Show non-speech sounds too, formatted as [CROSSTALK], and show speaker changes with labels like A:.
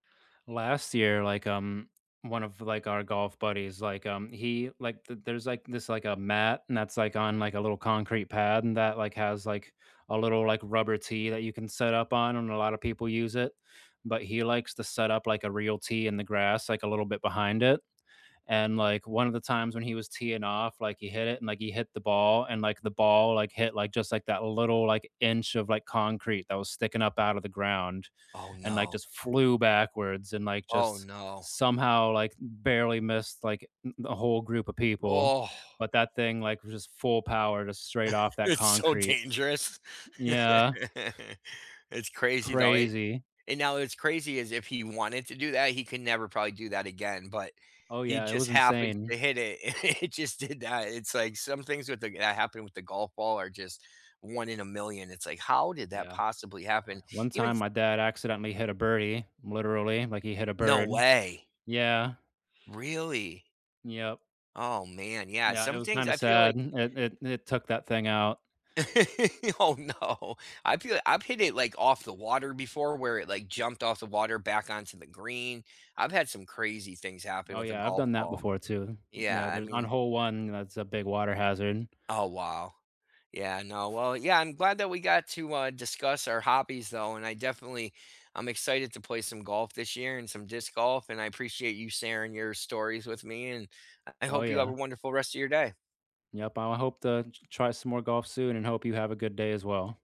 A: Last year, like, um, one of, like, our golf buddies, like, um, he, like th there's, like, this like, a mat, and that's, like, on, like, a little concrete pad, and that, like, has, like, a little, like, rubber tee that you can set up on, and a lotta people use it, but he likes to set up, like, a real tee in the grass, like, a little bit behind it, and, like, one of the times when he was teeing off, like, he hit it, and, like, he hit the ball, and, like, the ball, like, hit, like, just, like, that little, like, inch of, like, concrete that was sticking up out of the ground,
B: Oh,
A: and, like,
B: no.
A: just flew backwards and, like,
B: Oh,
A: just
B: no.
A: somehow, like, barely missed, like, th the whole group of people,
B: Ugh.
A: but that thing, like, just full power to straight off that
B: It's so
A: concrete.
B: dangerous.
A: Yeah.
B: [LAUGHS] It's crazy though, it
A: Crazy.
B: and now it's crazy is if he wanted to do that, he can never probably do that again, but
A: Oh
B: he
A: yeah, it
B: just
A: was
B: happened
A: insane.
B: to hit it and it just did that. It's, like, some things with the that happened with the golf ball are just one in a million. It's like, how did that
A: Yeah,
B: possibly happen?
A: one
B: Even
A: time
B: s
A: my dad accidentally hit a birdie, literally, like, he hit a
B: No
A: bird.
B: way.
A: Yeah.
B: Really?
A: Yep.
B: Oh, man, yeah,
A: Yeah, it
B: some
A: was
B: things
A: kinda
B: I feel
A: sad.
B: like
A: It it it took that thing out.
B: [LAUGHS] Oh, no. I feel I've hit it, like, off the water before, where it, like, jumped off the water back onto the green. I've had some crazy things happen
A: Oh
B: with a
A: yeah, I've
B: golf
A: done that
B: ball.
A: before too.
B: Yeah,
A: Yeah,
B: I
A: there's on
B: mean
A: hole 1, that's a big water hazard.
B: Oh, wow. Yeah, no, well, yeah, I'm glad that we got to, uh, discuss our hobbies though, and I definitely I'm excited to play some golf this year and some disc golf, and I appreciate you sharing your stories with me, and I I
A: Oh,
B: hope you have a
A: yeah.
B: wonderful rest of your day.
A: Yep, I hope to t try some more golf soon and hope you have a good day as well.